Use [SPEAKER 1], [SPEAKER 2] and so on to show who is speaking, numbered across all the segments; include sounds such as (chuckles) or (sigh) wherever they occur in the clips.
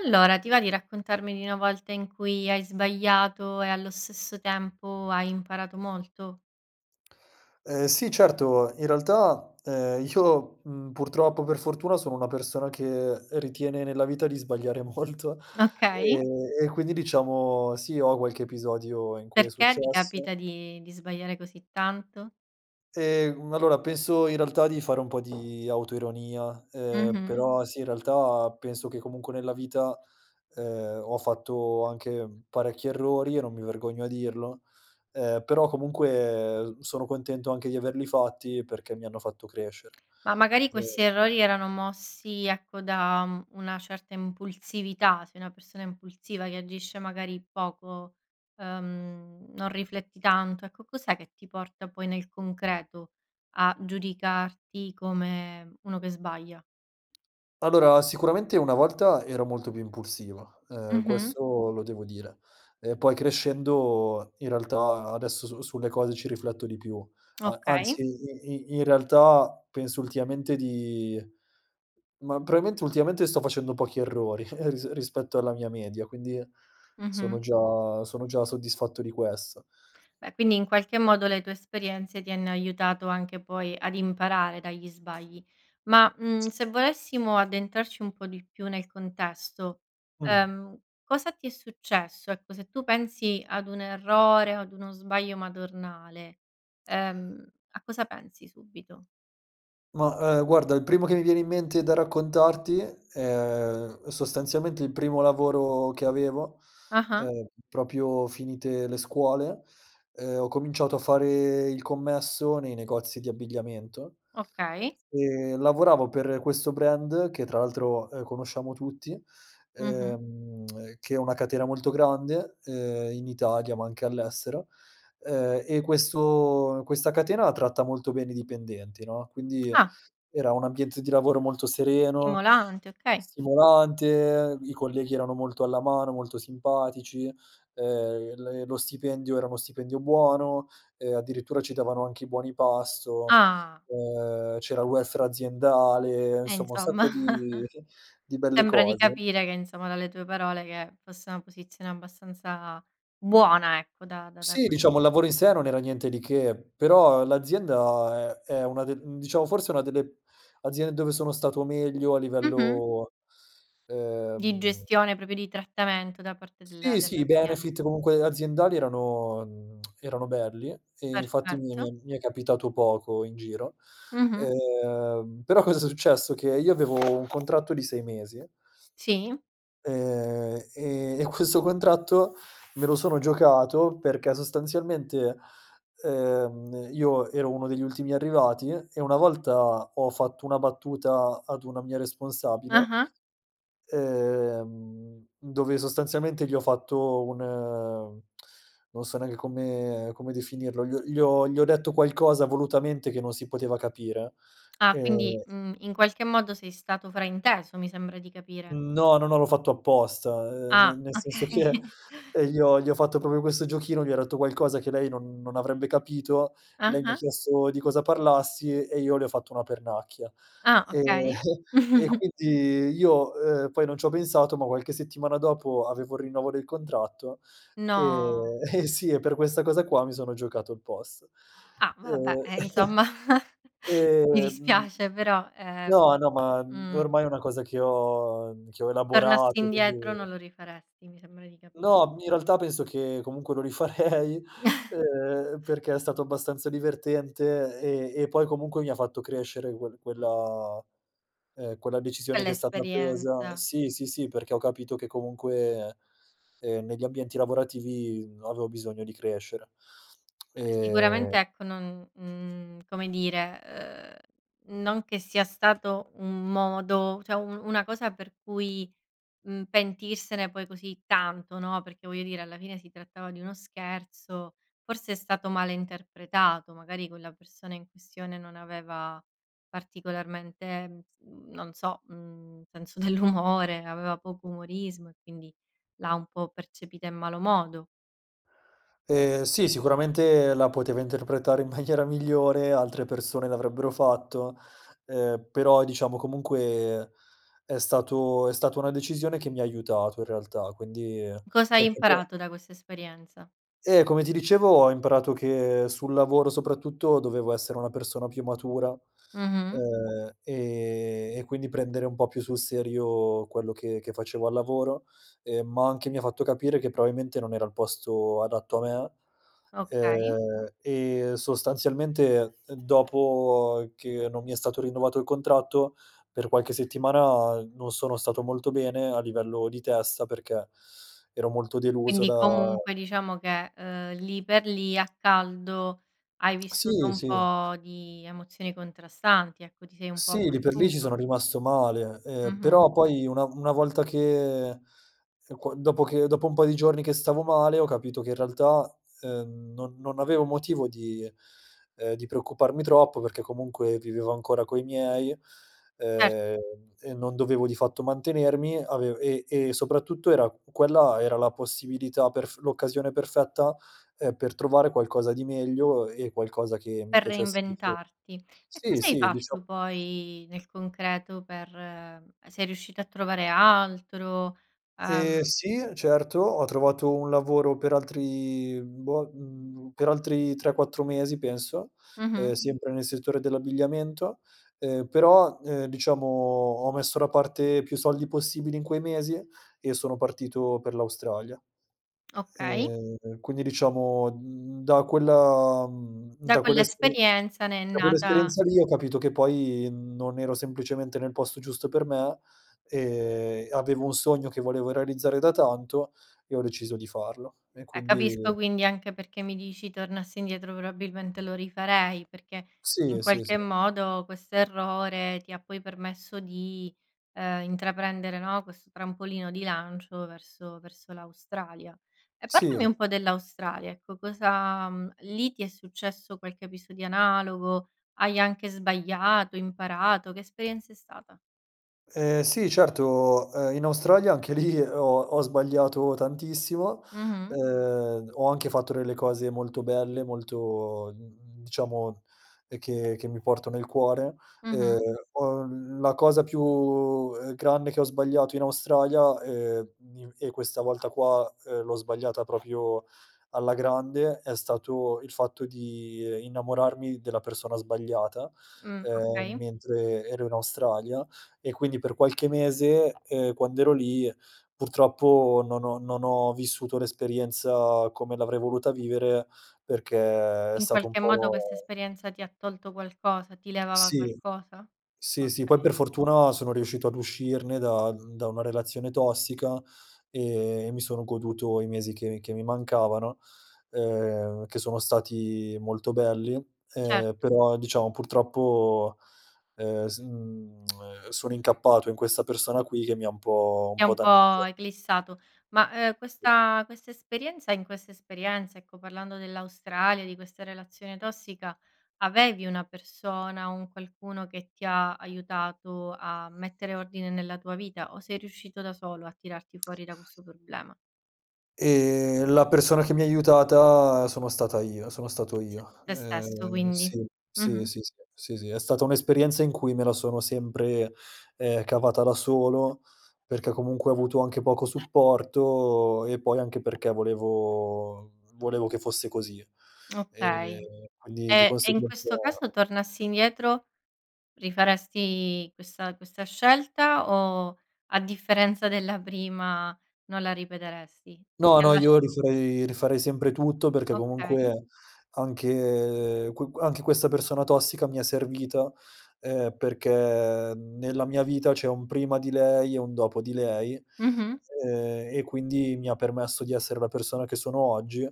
[SPEAKER 1] Allora, ti va di raccontarmi di una volta in cui hai sbagliato e allo stesso tempo hai imparato molto?
[SPEAKER 2] Ehm, sì, certo, in realtà, ehm, io, mhmm, purtroppo o per fortuna sono una persona che ritiene nella vita di sbagliare molto,
[SPEAKER 1] Okay.
[SPEAKER 2] ehm, e quindi diciamo, sì ho qualche episodio in cui è
[SPEAKER 1] Perché ti
[SPEAKER 2] successo.
[SPEAKER 1] capita di di sbagliare così tanto?
[SPEAKER 2] Ehm, allora penso in realtà di fare un po' di autoironia, ehm,
[SPEAKER 1] Mh-mh.
[SPEAKER 2] però sì, in realtà penso che comunque nella vita, ehm, ho fatto anche parecchi errori e non mi vergogno a dirlo, ehm, però comunque sono contento anche di averli fatti perché mi hanno fatto crescere.
[SPEAKER 1] Ma magari questi
[SPEAKER 2] Ehm
[SPEAKER 1] errori erano mossi ecco, da, mhmm, una certa impulsività, sei una persona impulsiva che agisce magari poco, ehm, non rifletti tanto, ecco cos'è che ti porta poi nel concreto a giudicarti come uno che sbaglia?
[SPEAKER 2] Allora, sicuramente una volta ero molto più impulsivo, ehm,
[SPEAKER 1] Mh-mh.
[SPEAKER 2] questo lo devo dire, ehm, poi crescendo in realtà adesso su sulle cose ci rifletto, di più a
[SPEAKER 1] Okay.
[SPEAKER 2] anzi, i i in realtà penso ultimamente di ma probabilmente ultimamente sto facendo pochi errori, (chuckles) ris rispetto alla mia media, quindi sono
[SPEAKER 1] Mh-mh.
[SPEAKER 2] già sono già soddisfatto di questo.
[SPEAKER 1] Beh, quindi in qualche modo le tue esperienze ti hanno aiutato anche poi ad imparare dagli sbagli ma, mhmm,
[SPEAKER 2] (unintelligible)
[SPEAKER 1] se volessimo addentrarci un po' di più nel contesto,
[SPEAKER 2] Mh.
[SPEAKER 1] ehm, cosa ti è successo? Ecco, se tu pensi ad un errore o ad uno sbaglio madornale, ehm, a cosa pensi subito?
[SPEAKER 2] Ma, ehm, guarda il primo che mi viene in mente da raccontarti è sostanzialmente il primo lavoro che avevo,
[SPEAKER 1] Ah-ah.
[SPEAKER 2] ehm, proprio finite le scuole, ehm, ho cominciato a fare il commesso nei negozi di abbigliamento.
[SPEAKER 1] Okay.
[SPEAKER 2] E lavoravo per questo brand, che tra l'altro, ehm, conosciamo tutti,
[SPEAKER 1] Mh-mh.
[SPEAKER 2] ehm, (smacks lips) che è una catena molto grande, ehm, in Italia ma anche all'estero, ehm, e questo questa catena tratta molto bene i dipendenti, no. Quindi
[SPEAKER 1] Ah.
[SPEAKER 2] era un ambiente di lavoro molto sereno,
[SPEAKER 1] Stimolante, okay.
[SPEAKER 2] stimolante, i colleghi erano molto alla mano, molto simpatici, ehm, il lo stipendio era uno stipendio buono e addirittura ci davano anche i buoni pasto,
[SPEAKER 1] Ah.
[SPEAKER 2] ehm, c'era il welfare aziendale,
[SPEAKER 1] Eh
[SPEAKER 2] insomma un
[SPEAKER 1] insomma.
[SPEAKER 2] sacco di (chuckles)
[SPEAKER 1] (chuckles)
[SPEAKER 2] di belle
[SPEAKER 1] Sembra di
[SPEAKER 2] cose.
[SPEAKER 1] capire che insomma, dalle tue parole che fosse una posizione abbastanza buona ecco, da da
[SPEAKER 2] Sì,
[SPEAKER 1] cui
[SPEAKER 2] diciamo, il lavoro in sé non era niente di che. Però l'azienda è è una de diciamo forse una delle aziende dove sono stato meglio a
[SPEAKER 1] Mh-mh.
[SPEAKER 2] livello,
[SPEAKER 1] Di
[SPEAKER 2] ehm
[SPEAKER 1] gestione, proprio di trattamento da parte della
[SPEAKER 2] Sì, sì, i
[SPEAKER 1] dell'azien
[SPEAKER 2] benefit comunque aziendali erano, mhmm, (smacks lips) erano belli e infatti mi
[SPEAKER 1] Perfetto.
[SPEAKER 2] mi mi è capitato poco in giro,
[SPEAKER 1] Mh-mh.
[SPEAKER 2] ehm, però cosa s è successo? Che io avevo un contratto di 6 mesi
[SPEAKER 1] Sì.
[SPEAKER 2] ehm, e e questo contratto me lo sono giocato perché sostanzialmente, ehm, io ero uno degli ultimi arrivati e una volta ho fatto una battuta ad una mia responsabile,
[SPEAKER 1] Ah-ah.
[SPEAKER 2] ehm, dove sostanzialmente gli ho fatto un, ehm, non so neanche come come definirlo, gl gli ho gli ho detto qualcosa volutamente che non si poteva capire,
[SPEAKER 1] Ah
[SPEAKER 2] ehm
[SPEAKER 1] quindi, mhmm, in qualche modo sei stato frainteso mi sembra di capire.
[SPEAKER 2] Mhmm, no, no, no, l'ho fatto apposta, ehm, ne
[SPEAKER 1] Ah
[SPEAKER 2] nel
[SPEAKER 1] okay.
[SPEAKER 2] senso che,
[SPEAKER 1] (chuckles)
[SPEAKER 2] ehm, gli ho gli ho fatto proprio questo giochino, gli ho detto qualcosa che lei non non avrebbe capito, lei mi ha
[SPEAKER 1] Ah-ah.
[SPEAKER 2] chiesto di cosa parlassi e io le ho fatto una pernacchia,
[SPEAKER 1] Ah
[SPEAKER 2] ehm,
[SPEAKER 1] okay.
[SPEAKER 2] (chuckles) e
[SPEAKER 1] (chuckles)
[SPEAKER 2] quindi io, ehm, poi non c'ho pensato ma qualche settimana dopo avevo il rinnovo del contratto,
[SPEAKER 1] No.
[SPEAKER 2] ehm eh sì e per questa cosa qua mi sono giocato il posto,
[SPEAKER 1] Ah vabbè,
[SPEAKER 2] ehm
[SPEAKER 1] eh
[SPEAKER 2] (chuckles)
[SPEAKER 1] insomma (chuckles) mi dispiace però, ehm,
[SPEAKER 2] no, no ma
[SPEAKER 1] mh.
[SPEAKER 2] ormai è una cosa che ho che ho
[SPEAKER 1] Tornassi
[SPEAKER 2] elaborato,
[SPEAKER 1] indietro non
[SPEAKER 2] quindi
[SPEAKER 1] lo rifaresti mi sembra di capir
[SPEAKER 2] No, in realtà penso che comunque lo rifarei,
[SPEAKER 1] (chuckles)
[SPEAKER 2] ehm, perché è stato abbastanza divertente e e poi comunque mi ha fatto crescere quel quella, ehm, quella decisione
[SPEAKER 1] Con
[SPEAKER 2] che è stata presa
[SPEAKER 1] l'esperienza.
[SPEAKER 2] Sì, sì, sì, perché ho capito che comunque, ehm, negli ambienti lavorativi avevo bisogno di crescere, (smacks lips)
[SPEAKER 1] Beh
[SPEAKER 2] ehm
[SPEAKER 1] sicuramente ecco, non, mhmm, come dire, ehm, non che sia stato un modo, cioè un una cosa per cui, mhmm, pentirsene poi così tanto, no, perché voglio dire, alla fine si trattava di uno scherzo, forse è stato male interpretato, magari quella persona in questione non aveva particolarmente, mhmm, non so, mhmm, senso dell'umore, aveva poco umorismo e quindi l'ha un po' percepita in malo modo.
[SPEAKER 2] Ehm, sì, sicuramente la poteva interpretare in maniera migliore, altre persone l'avrebbero fatto, ehm, però diciamo comunque è stato è stata una decisione che mi ha aiutato in realtà, quindi,
[SPEAKER 1] Cosa hai
[SPEAKER 2] perché po
[SPEAKER 1] imparato da questa esperienza?
[SPEAKER 2] Eh, come ti dicevo ho imparato che sul lavoro soprattutto, dovevo essere una persona più matura,
[SPEAKER 1] Mh-mh.
[SPEAKER 2] ehm, e e quindi prendere un po' più sul serio quello che che facevo al lavoro, ehm, ma anche mi ha fatto capire che probabilmente non era il posto adatto a me.
[SPEAKER 1] Okay.
[SPEAKER 2] Ehm, e sostanzialmente dopo che non mi è stato rinnovato il contratto, per qualche settimana non sono stato molto bene a livello di testa, perché ero molto deluso
[SPEAKER 1] Quindi
[SPEAKER 2] da
[SPEAKER 1] comunque diciamo che, ehm, lì per lì a caldo, hai vissuto
[SPEAKER 2] Sì,
[SPEAKER 1] un
[SPEAKER 2] sì.
[SPEAKER 1] po' di emozioni contrastanti ecco, ti sei un po'
[SPEAKER 2] Sì, lì per lì ci
[SPEAKER 1] abbattuto.
[SPEAKER 2] sono rimasto male, ehm,
[SPEAKER 1] Mh-mh.
[SPEAKER 2] però poi una v una volta che, ehm, qua dopo che dopo un po' di giorni che stavo male, ho capito che in realtà, ehm, non non avevo motivo di, ehm, di preoccuparmi troppo perché comunque vivevo ancora coi miei,
[SPEAKER 1] Cert
[SPEAKER 2] ehm, e non dovevo di fatto mantenermi avev e e soprattutto era quella era la possibilità perf l'occasione perfetta, ehm, per trovare qualcosa di meglio e qualcosa che mi
[SPEAKER 1] Per
[SPEAKER 2] piacesse di più.
[SPEAKER 1] reinventarti. E
[SPEAKER 2] Sì,
[SPEAKER 1] cosa hai
[SPEAKER 2] sì, diciam
[SPEAKER 1] fatto poi nel concreto per sei riuscito a trovare altro,
[SPEAKER 2] Ehm,
[SPEAKER 1] ehm
[SPEAKER 2] sì certo ho trovato un lavoro per altri, mhmm, boh, mhmm, per altri 3-4 mesi penso, ehm,
[SPEAKER 1] Mh-mh.
[SPEAKER 2] sempre nel settore dell'abbigliamento. Ehm, però, ehm, diciamo ho messo da parte più soldi possibili in quei mesi e sono partito per l'Australia.
[SPEAKER 1] Okay.
[SPEAKER 2] Ehm, quindi diciamo, mhmm, da quella, mhmm,
[SPEAKER 1] Da
[SPEAKER 2] da quell'esperi
[SPEAKER 1] quell'esperienza ne è
[SPEAKER 2] da
[SPEAKER 1] nata
[SPEAKER 2] quell'esperienza lì ho capito che poi, mhmm, non ero semplicemente nel posto giusto per me, ehm, avevo un sogno che volevo realizzare da tanto e ho deciso di farlo e
[SPEAKER 1] Eh
[SPEAKER 2] quindi
[SPEAKER 1] capisco quindi anche perché mi dici: "Tornassi indietro probabilmente lo rifarei", perché in
[SPEAKER 2] Sì, sì, sì.
[SPEAKER 1] qualche modo questo errore ti ha poi permesso di, ehm, intraprendere, no, questo trampolino di lancio verso verso l'Australia. E parlami
[SPEAKER 2] Sì.
[SPEAKER 1] un po' dell'Australia ecco cosa mhmm, lì ti è successo qualche episodio analogo, hai anche sbagliato, imparato, che esperienza è stata?
[SPEAKER 2] Ehm, sì certo, ehm, in Australia anche lì ho ho sbagliato tantissimo.
[SPEAKER 1] Mh-mh.
[SPEAKER 2] Ehm, ho anche fatto delle cose molto belle, molto, mhmm, diciamo, ehm, che che mi porto nel cuore, ehm,
[SPEAKER 1] Mh-mh.
[SPEAKER 2] ho l la cosa più, ehm, grande che ho sbagliato in Australia, ehm, i e questa volta qua, ehm, l'ho sbagliata proprio alla grande è stato il fatto di innamorarmi della persona sbagliata,
[SPEAKER 1] Mh,
[SPEAKER 2] ehm,
[SPEAKER 1] okay.
[SPEAKER 2] mentre ero in Australia e quindi per qualche mese, ehm, quando ero lì purtroppo non ho non ho vissuto l'esperienza come l'avrei voluta vivere, perché è
[SPEAKER 1] In
[SPEAKER 2] stato un
[SPEAKER 1] qualche modo
[SPEAKER 2] po'
[SPEAKER 1] questa esperienza ti ha tolto qualcosa, ti levava
[SPEAKER 2] Sì.
[SPEAKER 1] qualcosa?
[SPEAKER 2] Sì, sì, poi
[SPEAKER 1] Okay.
[SPEAKER 2] per fortuna sono riuscito ad uscirne da da una relazione tossica e mi sono goduto i mesi che mi che mi mancavano, ehm, che sono stati molto belli,
[SPEAKER 1] Cert
[SPEAKER 2] ehm, però diciamo purtroppo, ehm, s mhmm, (smacks lips) sono incappato in questa persona quì, che mi ha un pò un
[SPEAKER 1] Ti ha
[SPEAKER 2] pò
[SPEAKER 1] un po'
[SPEAKER 2] danneggia
[SPEAKER 1] eclissato, ma, ehm,
[SPEAKER 2] Sì.
[SPEAKER 1] questa questa esperienza in questa esperienza ecco, parlando dell'Australia di questa relazione tossica, avevi una persona, un qualcuno che ti ha aiutato a mettere ordine nella tua vita o sei riuscito da solo a tirarti fuori da questo problema?
[SPEAKER 2] Ehm, la persona che mi ha aiutata sono stata io sono stato
[SPEAKER 1] S
[SPEAKER 2] io.
[SPEAKER 1] te stesso
[SPEAKER 2] Ehm,
[SPEAKER 1] quindi
[SPEAKER 2] sì, sì,
[SPEAKER 1] mh-mh.
[SPEAKER 2] sì, sì, sì, sì, è stata un'esperienza in cui me la sono sempre, ehm, cavata da solo perché comunque ho avuto anche poco supporto e poi anche perché volevo volevo che fosse così, ehm,
[SPEAKER 1] Okay.
[SPEAKER 2] quindi di
[SPEAKER 1] E e in
[SPEAKER 2] conseguenza
[SPEAKER 1] questo caso tornassi indietro rifaresti questa questa scelta o a differenza della prima non la ripeteresti? Cioè,
[SPEAKER 2] No,
[SPEAKER 1] ti ha
[SPEAKER 2] no,
[SPEAKER 1] lasc
[SPEAKER 2] io rifarei rifarei sempre tutto perché
[SPEAKER 1] Okay.
[SPEAKER 2] comunque anche qu anche questa persona tossica mi è servita, ehm, perché nella mia vita c'è un prima di lei e un dopo di lei,
[SPEAKER 1] Mh-mh.
[SPEAKER 2] ehm, e quindi mi ha permesso di essere la persona che sono oggi,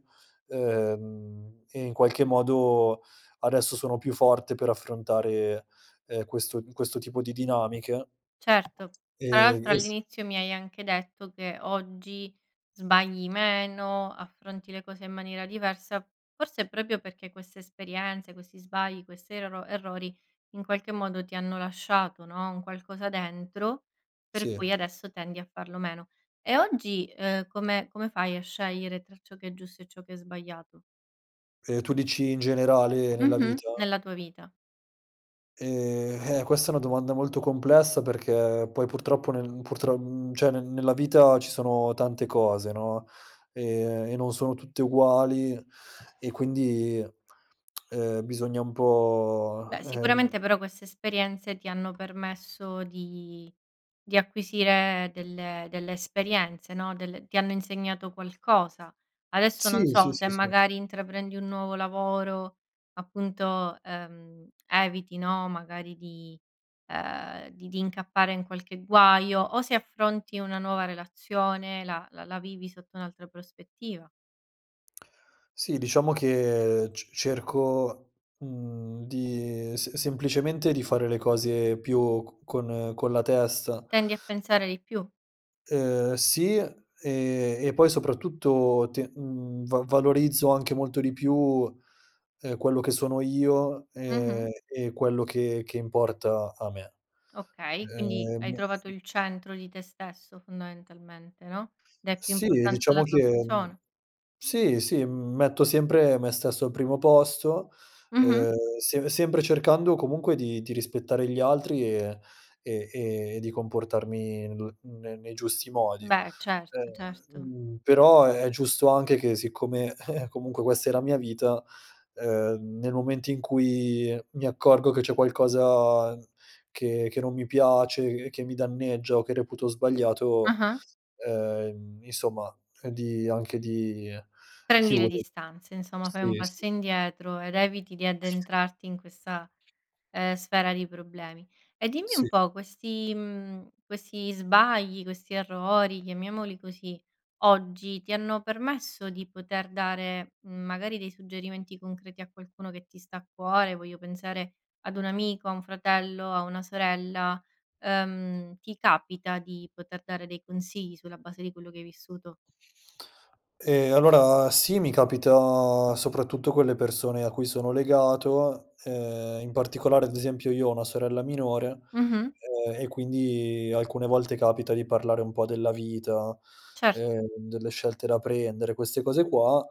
[SPEAKER 2] ehm, e in qualche modo adesso sono più forte per affrontare, ehm, questo questo tipo di dinamiche.
[SPEAKER 1] Certo. Tra
[SPEAKER 2] Ehm,
[SPEAKER 1] l'altro
[SPEAKER 2] eh s
[SPEAKER 1] all'inizio mi hai anche detto che oggi sbagli meno, affronti le cose in maniera diversa, forse è proprio perché queste esperienze, questi sbagli, questi erro errori, in qualche modo ti hanno lasciato, no, un qualcosa dentro per
[SPEAKER 2] Sì.
[SPEAKER 1] cui adesso tendi a farlo meno. E oggi, ehm, come come fai a scegliere tra ciò che è giusto e ciò che è sbagliato?
[SPEAKER 2] Ehm, tu dici in generale nella
[SPEAKER 1] Mh-mh.
[SPEAKER 2] vita?
[SPEAKER 1] Nella tua vita.
[SPEAKER 2] Ehm, eh questa è una domanda molto complessa perché poi purtroppo nel purtro cioè nel nella vita ci sono tante cose, no. Ehm, e non sono tutte uguali e quindi, (smacks lips) ehm, bisogna un po',
[SPEAKER 1] Beh
[SPEAKER 2] ehm
[SPEAKER 1] sicuramente però queste esperienze ti hanno permesso di di acquisire delle delle esperienze, no. Del ti hanno insegnato qualcosa, adesso non
[SPEAKER 2] Sì, sì,
[SPEAKER 1] so se
[SPEAKER 2] sì, sì.
[SPEAKER 1] magari intraprendi un nuovo lavoro appunto, ehm, eviti no, magari di, ehm, di di incappare in qualche guaio o se affronti una nuova relazione la la la vivi sotto un'altra prospettiva.
[SPEAKER 2] Sì, diciamo che c cerco, mhmm, di s semplicemente di fare le cose più co con con la testa.
[SPEAKER 1] Tendi a pensare di più.
[SPEAKER 2] Ehm, sì, ehm, e poi soprattutto te mhmm, va valorizzo anche molto di più, ehm, quello che sono io, ehm,
[SPEAKER 1] Mh-mh.
[SPEAKER 2] e quello che che importa a me.
[SPEAKER 1] Okay, quindi
[SPEAKER 2] Ehm
[SPEAKER 1] hai trovato
[SPEAKER 2] (unintelligible)
[SPEAKER 1] il centro di te stesso fondamentalmente, no? Dai più
[SPEAKER 2] Sì,
[SPEAKER 1] importanza
[SPEAKER 2] diciamo
[SPEAKER 1] alla tua
[SPEAKER 2] che
[SPEAKER 1] persona.
[SPEAKER 2] Sì, sì, m metto sempre me stesso al primo posto.
[SPEAKER 1] Mh-mh.
[SPEAKER 2] Ehm, se sempre cercando comunque di di rispettare gli altri, e e e di comportarmi n ne nei giusti modi,
[SPEAKER 1] Beh, certo,
[SPEAKER 2] ehm,
[SPEAKER 1] certo.
[SPEAKER 2] mhmm, però è giusto anche che siccome (chuckles) comunque questa è la mia vita, ehm, nel momento in cui mi accorgo che c'è qualcosa che che non mi piace, che che mi danneggia o che reputo sbagliato,
[SPEAKER 1] Ah-ah.
[SPEAKER 2] ehm, insomma di, anche di
[SPEAKER 1] Prendi le
[SPEAKER 2] chiudere
[SPEAKER 1] distanze, insomma fai un
[SPEAKER 2] Sì, sì.
[SPEAKER 1] passo indietro ed eviti di addentrarti in questa, ehm, sfera di problemi e dimmi un
[SPEAKER 2] Sì.
[SPEAKER 1] po' questi, mhmm, questi sbagli, questi errori, chiamiamoli così, oggi ti hanno permesso di poter dare, mhmm, magari dei suggerimenti concreti a qualcuno che ti sta a cuore, voglio pensare ad un amico, a un fratello, a una sorella, ehm, ti capita di poter dare dei consigli sulla base di quello che hai vissuto?
[SPEAKER 2] Ehm, allora sì, mi capita soprattutto con le persone a cui sono legato, ehm, in particolare ad esempio io ho una sorella minore,
[SPEAKER 1] Mh-mh.
[SPEAKER 2] ehm, e quindi alcune volte capita di parlare un po' della vita,
[SPEAKER 1] Cer
[SPEAKER 2] ehm, delle scelte da prendere, queste cose qua,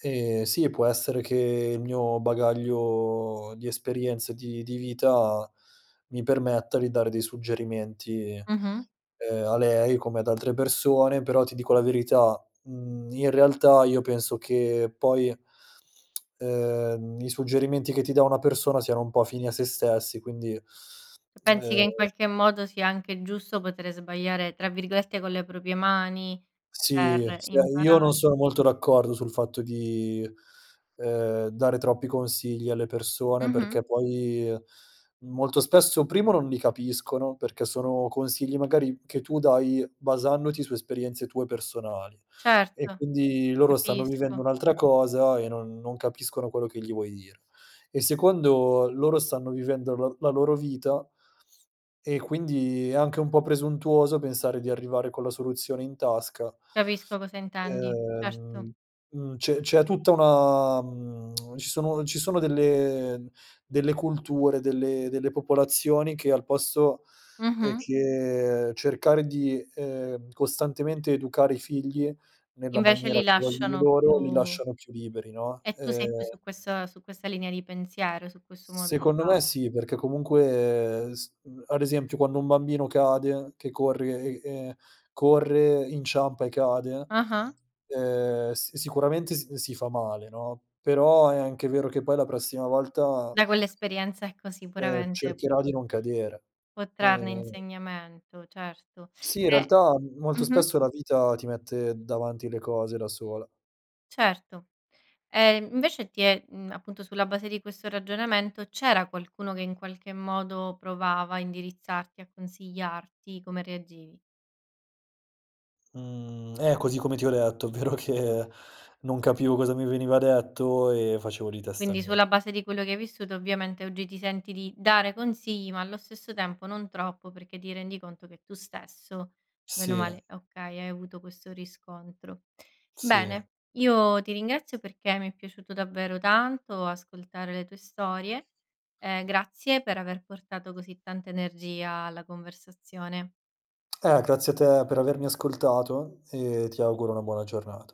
[SPEAKER 2] ehm, sì può essere che il mio bagaglio di esperienza di di vita mi permetta di dare dei suggerimenti,
[SPEAKER 1] Mh-mh.
[SPEAKER 2] ehm, a lei come ad altre persone, però ti dico la verità, mhmm, in realtà io penso che poi (smacks lips) ehm, i suggerimenti che ti dà una persona siano un po' fini a se stessi quindi,
[SPEAKER 1] C pensi che in
[SPEAKER 2] ehm
[SPEAKER 1] qualche modo sia anche giusto potere sbagliare, tra virgolette, "con le proprie mani"
[SPEAKER 2] Sì,
[SPEAKER 1] per
[SPEAKER 2] cioè io non
[SPEAKER 1] imparare.
[SPEAKER 2] sono molto d'accordo sul fatto di, ehm, dare troppi consigli alle persone
[SPEAKER 1] Mh-mh.
[SPEAKER 2] perché poi molto spesso, primo non li capiscono, perché sono consigli magari che tu dai basandoti su esperienze tue personali e
[SPEAKER 1] Certo,
[SPEAKER 2] quindi loro stanno vivendo
[SPEAKER 1] capisco.
[SPEAKER 2] un'altra cosa e non non capiscono quello che gli vuoi dire. E secondo, loro stanno vivendo l la loro vita e quindi è anche un po' presuntuoso pensare di arrivare con la soluzione in tasca.
[SPEAKER 1] Capisco cosa intendi, certo.
[SPEAKER 2] Ehm, mhmm, c'è c'è tutta una, mhmm, (smacks lips) ci sono ci sono delle delle culture, delle delle popolazioni che al posto, ehm,
[SPEAKER 1] Mh-mh.
[SPEAKER 2] che cercare di, ehm, costantemente educare i figli nella
[SPEAKER 1] Invece
[SPEAKER 2] maniera
[SPEAKER 1] li
[SPEAKER 2] che vogliono
[SPEAKER 1] lasciano
[SPEAKER 2] loro, li
[SPEAKER 1] più
[SPEAKER 2] lasciano più liberi, no.
[SPEAKER 1] E tu sei più
[SPEAKER 2] Ehm
[SPEAKER 1] su quest su questa linea di pensiero, su questo modo di
[SPEAKER 2] Secondo
[SPEAKER 1] far
[SPEAKER 2] me sì, perché comunque s ad esempio quando un bambino cade che corre e e corre, inciampa e cade,
[SPEAKER 1] Ah-ah.
[SPEAKER 2] ehm, s sicuramente s si fa male, no. Però è anche vero che poi la prossima volta
[SPEAKER 1] Da quell'esperienza ecco,
[SPEAKER 2] ehm,
[SPEAKER 1] sicuramente
[SPEAKER 2] cercherà di non cadere.
[SPEAKER 1] può trarne
[SPEAKER 2] Ehm
[SPEAKER 1] insegnamento, certo
[SPEAKER 2] Sì, in
[SPEAKER 1] e
[SPEAKER 2] realtà m molto
[SPEAKER 1] mh-mh.
[SPEAKER 2] spesso la vita ti mette davanti le cose da sola.
[SPEAKER 1] Certo, ehm, invece ti è, mhmm, appunto sulla base di questo ragionamento, c'era qualcuno che in qualche modo provava a indirizzarti, a consigliarti? Come reagivi?
[SPEAKER 2] Mhmm. Eh così come ti ho detto, ovvero che non capivo cosa mi veniva detto e facevo di testa
[SPEAKER 1] Quindi
[SPEAKER 2] mia.
[SPEAKER 1] sulla base di quello che hai vissuto ovviamente oggi ti senti di dare consigli, ma allo stesso tempo non troppo, perché ti rendi conto che tu stesso bene o
[SPEAKER 2] Sì.
[SPEAKER 1] male okay, hai avuto questo riscontro.
[SPEAKER 2] Sì.
[SPEAKER 1] Bene, io ti ringrazio perché mi è piaciuto davvero tanto ascoltare le tue storie, ehm, grazie per aver portato così tanta energia alla conversazione.
[SPEAKER 2] Ah grazie a te per avermi ascoltato e ti auguro una buona giornata.